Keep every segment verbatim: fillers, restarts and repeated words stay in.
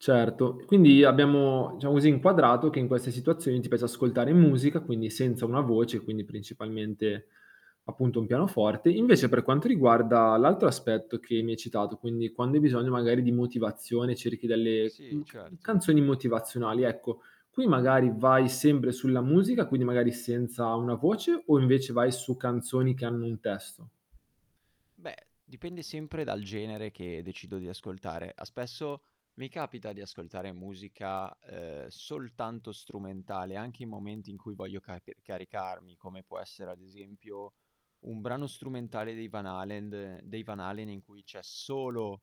Certo. E quindi abbiamo, diciamo così inquadrato che in queste situazioni ti piace ascoltare musica, quindi senza una voce, quindi principalmente, appunto un pianoforte. Invece, per quanto riguarda l'altro aspetto che mi hai citato, quindi quando hai bisogno magari di motivazione cerchi delle, Sì, mhmm, ca mhmm, certo. canzoni motivazionali, ecco. Qui magari vai sembre sulla musica, quindi magari senza una voce, o invece vai su canzoni che hanno un testo? Beh, dipende sempre dal genere che decido di ascoltare. Ah spesso, mi capita di ascoltare musica, ehm, soltanto strumentale, anche in momenti in cui voglio carpe caricarmi, come può essere ad esempio un brano strumentale dei Van Halen dei Van Halen, in cui c'è solo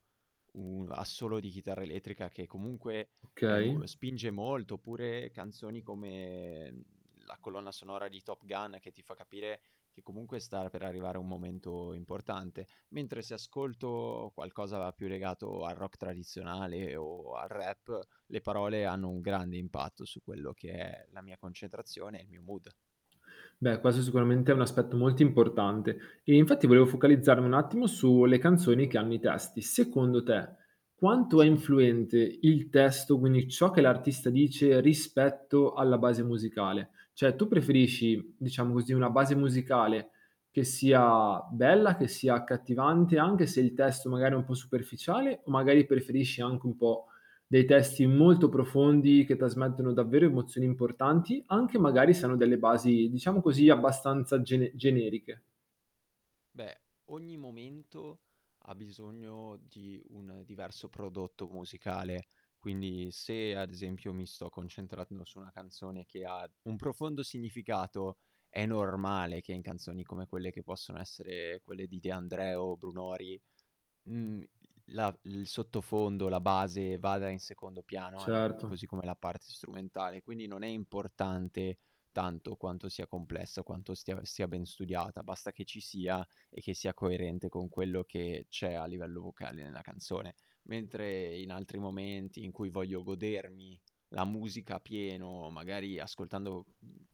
un assolo di chitarra elettrica che comunque è Okay. mol spinge molto, oppure canzoni come, mhmm, la colonna sonora di Top Gun, che ti fa capire che comunque star per arrivare un momento importante. Mentre se ascolto qualcosa più legato al rock tradizionale o al rap, le parole hanno un grande impatto su quello che è la mia concentrazione e il mio mood. Beh, questo sicuramente è un aspetto molto importante. E infatti, volevo focalizzarmi un attimo su le canzoni che hanno i testi. Secondo te, quanto è Sì. influente il testo, quindi ciò che l'artista dice, rispetto alla base musicale? ceh tu preferisci, diciamo così, una base musicale che sia bella, che sia accattivante, anche se il testo magari è un po' superficiale, o magari preferisci anche un po' dei testi molto profondi, che trasmettono davvero emozioni importanti, anche magari se hanno delle basi, diciamo così, abbastanza gene generiche? Beh, ogni momento ha bisogno di un diverso prodotto musicale. Quindi se, ad esempio, mi sto concentrando su una canzone che ha un profondo significato, è normale che in canzoni come quelle che possono essere quelle di De André o Brunori, mhmm, l la il sottofondo, la base vada in secondo piano anche Certo. così come la parte strumentale, quindi non è importante tanto quanto sia complessa, o quanto stia sia ben studiata, basta che ci sia e che sia coerente con quello che c'è a livello vocale nella canzone. Mentre in altri momenti in cui voglio godermi la musica a pieno, magari ascoltando, mhmm, uhm,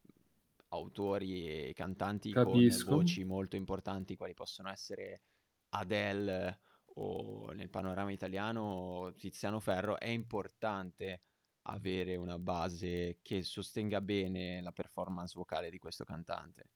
autori e cantanti con Capisco. voci molto importanti, quali possono essere Adele o, nel panorama italiano Tiziano Ferro, è importante avere una base che sostenga bene la performance vocale di questo cantante.